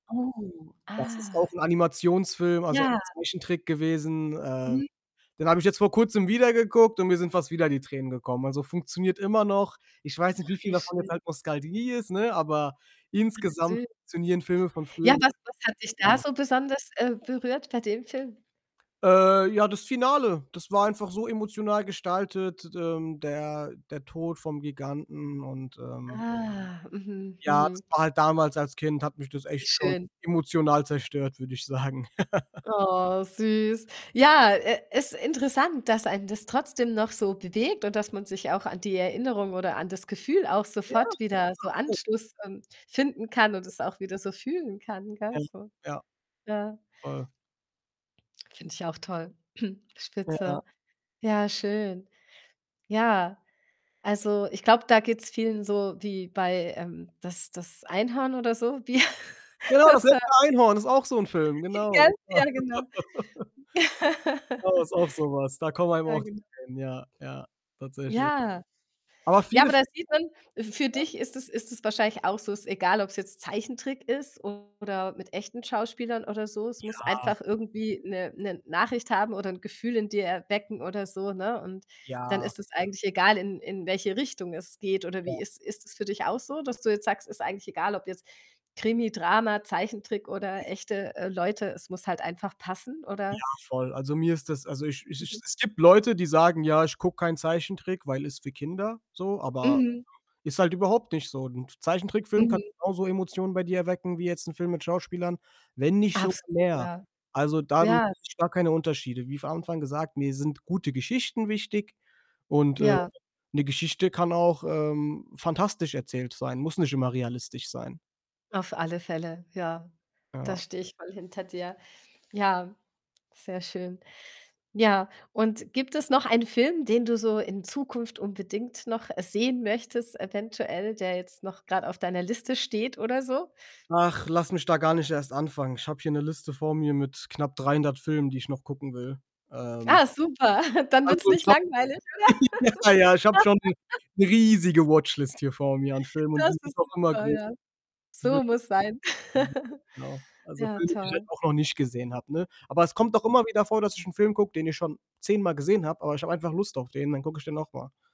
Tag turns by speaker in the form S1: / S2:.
S1: Oh,
S2: Das ist auch
S1: ah.
S2: 'n Animationsfilm, also ein
S1: Ja.
S2: Zeichentrick gewesen. Ähm,
S1: Mhm.
S2: den habe ich jetzt vor Kurzem wieder geguckt und mir sind fast wieder die Tränen gekommen. Also, funktioniert immer noch. Ich weiß nicht, wie
S1: Ach,
S2: viel
S1: wie
S2: davon jetzt
S1: schön.
S2: halt Nostalgie ist, ne, aber
S1: Ach
S2: insgesamt
S1: süß.
S2: funktionieren Filme von früher
S1: Ja, was was hat dich da
S2: [unintelligible]
S1: so besonders, äh, berührt bei dem Film?
S2: Äh, ja, das Finale, das war einfach so emotional gestaltet, d d ähm, der der Tod vom Giganten und, ähm
S1: Ah, mhm,
S2: Ja, das
S1: mhm.
S2: war halt damals, als Kind hat mich das
S1: Das ist
S2: echt schon
S1: schön.
S2: emotional zerstört, würde ich sagen.
S1: Oh, süß. Ja, äh, ist interessant, dass einen das trotzdem noch so bewegt und dass man sich auch an die Erinnerung oder an das Gefühl auch
S2: Ja.
S1: sofort wieder so
S2: [unintelligible]
S1: Anschluss, ähm, finden kann und
S2: [unintelligible]
S1: es auch wieder so fühlen kann, gell
S2: [unintelligible]
S1: so.
S2: ja.
S1: Ja.
S2: Voll.
S1: Finde ich auch toll.
S2: Ja.
S1: Spitze. Ja, schön. Ja, also, ich glaube, da geht's vielen so wie bei, ähm, das das Einhorn oder so, wie
S2: Genau, das
S1: das, äh
S2: letzte Einhorn ist auch so 'n Film,
S1: [unintelligible]
S2: genau,
S1: gell?
S2: ja.
S1: Ja, genau.
S2: Das ist auch so was. Da kommen einem
S1: Ja,
S2: auch die
S1: genau.
S2: Tränen. Ja, ja, tatsächlich.
S1: Ja.
S2: Aber
S1: Ja, aber
S2: vieles
S1: da sieht man, f für
S2: Ja.
S1: dich ist es ist es wahrscheinlich auch so, ist egal, ob's jetzt Zeichentrick ist, oder mit echten Schauspielern oder so. Es muss
S2: Ja.
S1: einfach irgendwie 'ne 'ne Nachricht haben, oder 'n Gefühl in dir erwecken, oder so, ne, und, dann
S2: Ja.
S1: ist es
S2: [unintelligible]
S1: eigentlich egal, in in welche Richtung es geht. Oder
S2: Ja.
S1: wie ist ist es für dich auch so, dass du jetzt sagst: „Ist eigentlich egal, ob jetzt Krimi, Drama, Zeichentrick
S2: Ja.
S1: oder echte, äh, Leute, es muss halt einfach passen.“, oder
S2: Ja, voll. Also, mir ist das also ich ich ich
S1: Mhm.
S2: es gibt Leute, die sagen, ja, ich gucke keinen Zeichentrick, weil ist für Kinder, so. Aber,
S1: Mhm.
S2: [unintelligible] ist halt überhaupt nicht so. 'N Zeichentrickfilm kann
S1: Mhm.
S2: genauso Emotionen bei dir erwecken, wie jetzt 'n Film mit Schauspielern, wenn nicht sogar
S1: Absolut,
S2: mehr.
S1: ja.
S2: Also, da [unintelligible]
S1: Ja, richtig.
S2: gar keine Unterschiede. Wie von Anfang gesagt, mir sind gute Geschichten wichtig und, äh,
S1: Ja.
S2: 'ne Geschichte kann auch, ähm, fantastisch erzählt sein, muss nicht immer realistisch sein.
S1: Auf alle Fälle, ja. Da
S2: Ja.
S1: stehe ich voll hinter dir. Ja, sehr schön. Ja, und gibt es noch einen Film, den du so in Zukunft unbedingt noch, äh, sehen möchtest eventuell, der jetzt noch grad auf deiner Liste steht, oder so?
S2: Ach, lass mich da gar nicht erst anfangen. Ich habe hier 'ne Liste vor mir, mit knapp 300 Filmen, die ich noch gucken will. Ähm
S1: Ah, super, dann wird's
S2: Also, ich
S1: nicht
S2: habe
S1: langweilig, oder?
S2: ja, ja, ich habe schon 'ne riesige Watchlist hier vor mir an Filmen und
S1: Das
S2: die wird
S1: ist
S2: auch immer
S1: super,
S2: größer
S1: ja.
S2: die wird
S1: So
S2: [unintelligible]
S1: muss sein.
S2: Mhm. genau, also,
S1: Ja,
S2: Filme, die ich halt
S1: toll.
S2: auch noch nicht gesehen habe, ne? Aber es kommt doch
S1: [unintelligible]
S2: immer wieder vor, dass ich 'n Film gucke, den ich schon zehnmal gesehen habe, aber ich habe einfach Lust auf den, dann gucke ich den nochmal.